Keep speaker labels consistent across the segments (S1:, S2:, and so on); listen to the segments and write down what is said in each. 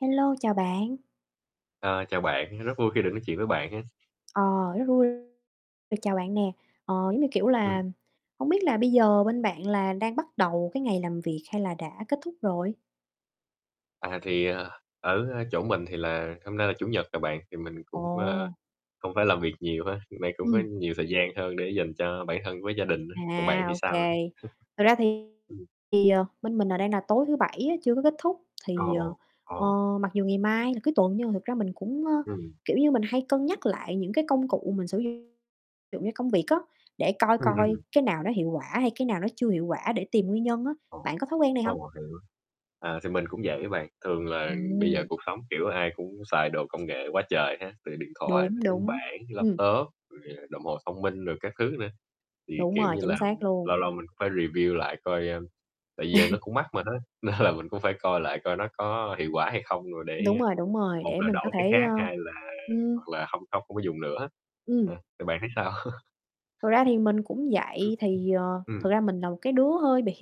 S1: Hello, chào bạn.
S2: Ờ, chào bạn, rất vui khi được nói chuyện với bạn ha.
S1: Ờ, rất vui, rồi, chào bạn nè, ờ, giống như, kiểu
S2: Ừm.
S1: là, hông biết là bây giờ bên bạn là đang bắt đầu cái ngày làm việc hay là đã kết thúc rồi?
S2: À, thì, ờ, ở chỗ mình thì là hôm nay là Chủ nhật rồi bạn, thì mình cũng, ơ,
S1: Ồ.
S2: không phải làm việc nhiều ha, vì vậy cũng có
S1: Ừm.
S2: nhiều thời gian hơn để dành cho bản thân với gia đình á, còn bạn
S1: À,
S2: thì
S1: ô
S2: sao?
S1: kê. Thật ra thì,
S2: Ừm.
S1: ờ, bên mình đang nà tối thứ Bảy á chưa có kết thúc,
S2: Ồ,
S1: thì, ờ,
S2: ồ, ồ.
S1: ờ, mặc dù ngày mai là cuối tuần nhưng mà thực ra mình cũng, ơ,
S2: Ừm.
S1: kiểu như, mình hay cân nhắc lại những cái công cụ mình sử dụng, ví dụ như công việc á, để coi
S2: Ừm,
S1: coi
S2: ừm.
S1: cái nào nó hiệu quả hay cái nào nó chưa hiệu quả để tìm nguyên nhân á,
S2: Ồ,
S1: bạn có thói quen này
S2: ồ,
S1: hông?
S2: mình hiểu. À, thì mình cũng vậy á bạn, thường là bây giờ
S1: Ừm.
S2: cuộc sống, kiểu, ai cũng xài đồ công nghệ quá trời ha, từ điện thoại,
S1: Đúng,
S2: máy tính
S1: đúng,
S2: bảng,
S1: ừm.
S2: laptop, rồi, à, đồng hồ thông minh rồi các thứ nữa, thì,
S1: Đúng
S2: kiểu
S1: rồi,
S2: như
S1: chính
S2: là,
S1: xác luôn.
S2: lâu lâu mình cũng phải review lại coi, a tại giờ nó cũng mắc mà há, nên là mình cũng phải coi lại coi nó có hiệu quả hay không rồi để
S1: Đúng rồi, đúng rồi,
S2: một
S1: để
S2: là
S1: mình có
S2: đổi cái
S1: thể,
S2: khác
S1: ơ
S2: hai là
S1: ừm.
S2: hoặc là không không không có dùng nữa,
S1: Ừm.
S2: ờ, thì bạn thấy sao?
S1: Thật ra thì mình cũng vậy, thì, ờ
S2: Ừm.
S1: thực ra mình là một cái đứa hơi bị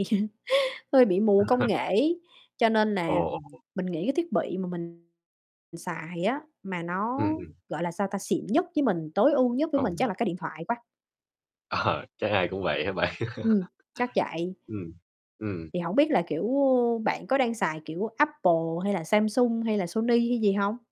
S1: hơi bị mù công nghệ ấy, cho nên
S2: Ồ,
S1: nà
S2: ồ.
S1: mình nghĩ cái thiết bị mà mình xài á mà
S2: Ừm,
S1: nó,
S2: ừm.
S1: gọi là, sao ta, xịn nhất với mình, tối ưu nhất với mình
S2: Ồ.
S1: chắc là cái điện thoại quá.
S2: Ờ, chắc ai cũng vậy hả bạn?
S1: Ừm, chắc vậy.
S2: Ừm, ừm.
S1: Thì hổng biết là, kiểu, a, bạn có đang xài, kiểu, Apple hay là Samsung hay là Sony hay gì hông?